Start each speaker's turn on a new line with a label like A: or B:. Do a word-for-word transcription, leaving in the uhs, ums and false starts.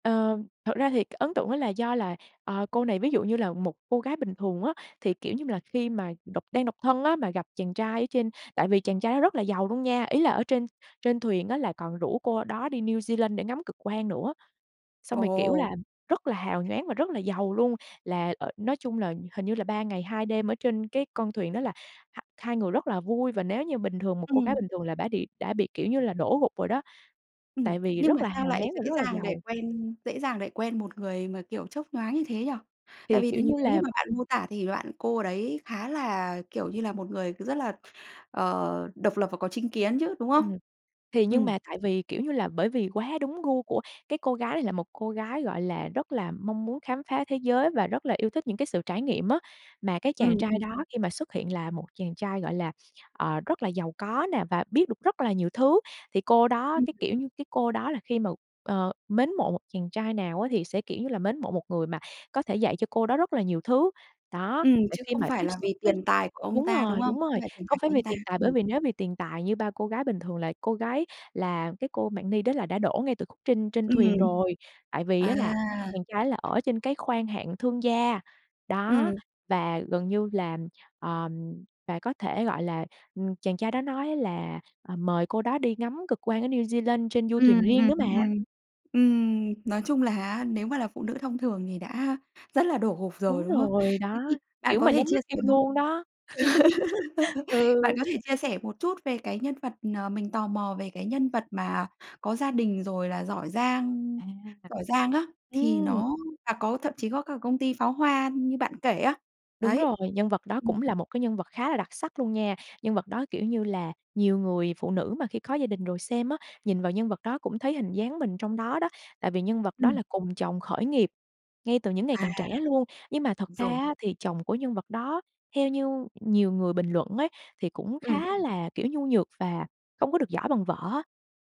A: Ờ. Thực ra thì cái ấn tượng đó là do là, ờ, cô này, ví dụ như là, một cô gái bình thường á, thì, kiểu như là, khi mà độc đang độc thân á, mà gặp chàng trai ở trên, tại vì chàng trai đó rất là giàu luôn nha, ý là ở trên trên thuyền á là còn rủ cô đó đi New Zealand để ngắm cực quang nữa. Xong
B: Ồ!
A: rồi, kiểu là, rất là hào nhoáng và rất là giàu luôn, là, ờ nói chung là hình như là ba ngày hai đêm ở trên cái con thuyền đó là h hai người rất là vui và nếu như bình thường một cô gái
B: Ừm.
A: bình thường là bã đi đã bị đã bị, kiểu như là, đổ gục rồi đó,
B: Ừm.
A: tại vì
B: Nhưng
A: rất
B: mà
A: là
B: sao
A: hào
B: lại
A: nhoáng và
B: dễ
A: rất là
B: dàng để
A: giàu.
B: quen dễ dàng để quen một người mà, kiểu, chớp nhoáng như thế nhỉ? Tại
A: Thì
B: vì
A: kiểu
B: thì
A: như
B: nếu như
A: là
B: mà bạn mô tả thì bạn cô đấy khá là, kiểu như là, một người c rất là, ờ, độc lập và có chính kiến chứ, đúng không?
A: Ừm. Thì nhưng
B: Ừm.
A: mà tại vì, kiểu như là, bởi vì quá đúng gu của cái cô gái này, là một cô gái, gọi là, rất là mong muốn khám phá thế giới và rất là yêu thích những cái sự trải nghiệm á, mà cái
B: Ừm,
A: chàng trai
B: ừm.
A: đó khi mà xuất hiện là một chàng trai, gọi là, ờ, rất là giàu có nè và biết được rất là nhiều thứ, thì cô đó
B: Ừm.
A: cái, kiểu như, cái cô đó là khi mà, ờ, mến mộ một chàng trai nào á thì sẽ, kiểu như là, mến mộ một người mà có thể dạy cho cô đó rất là nhiều thứ. Đó,
B: Ừm,
A: và
B: chứ
A: khi
B: không
A: mà
B: phải
A: tiếp
B: là
A: xúc
B: vì
A: với
B: tiền tài của ông
A: đúng
B: ta, đúng
A: rồi
B: không?
A: đúng
B: Không
A: rồi,
B: phải tiền
A: không
B: tài
A: phải
B: của
A: vì
B: anh ta.
A: tiền tài bởi
B: Ừm.
A: vì nếu vì tiền tài như bao cô gái bình thường là cô gái là cái cô Mạng Ni đó là đã đổ ngay từ khúc trên trên
B: Ừm.
A: thuyền rồi, tại vì á
B: À!
A: là chàng trai đó là ở trên cái khoang hạng thương gia. Đó.
B: Ừm.
A: Và gần như là, ừm, và có thể, gọi là, ừm, chàng trai đó nói á là, à, mời cô đó đi ngắm cực quang ở New Zealand trên du thuyền
B: Ừm,
A: riêng
B: ừm,
A: nữa mà.
B: ừm. Ừm, nói chung là á, nếu mà là phụ nữ thông thường thì đã rất là đổ gục rồi,
A: Đúng
B: đúng không?
A: rồi,
B: Thế
A: đó,
B: thì bạn
A: kiểu,
B: có
A: mà
B: thể
A: nhắm
B: chia
A: mắt yêu
B: sẻ một
A: luôn đó.
B: bạn
A: Ừ.
B: có thể chia sẻ một chút về cái nhân vật, ờ mình tò mò về cái nhân vật mà có gia đình, rồi là giỏi giang
A: À.
B: giỏi giang á, thì
A: Ừm.
B: nó là có thậm chí có cả công ty pháo hoa như bạn kể á.
A: Đúng
B: Đấy.
A: rồi, nhân vật đó
B: Ừm.
A: cũng là một cái nhân vật khá là đặc sắc luôn nha. Nhân vật đó kiểu như là nhiều người phụ nữ mà khi có gia đình rồi xem á, nhìn vào nhân vật đó cũng thấy hình dáng mình trong đó đó, tại vì nhân vật đó
B: Ừm.
A: là cùng chồng khởi nghiệp ngay từ những ngày
B: À.
A: còn trẻ luôn, nhưng mà thật
B: Đúng
A: ra
B: rồi.
A: á thì chồng của nhân vật đó theo như nhiều người bình luận ấy thì cũng
B: Ừm.
A: khá là, kiểu, nhu nhược và không có được giỏi bằng vợ á.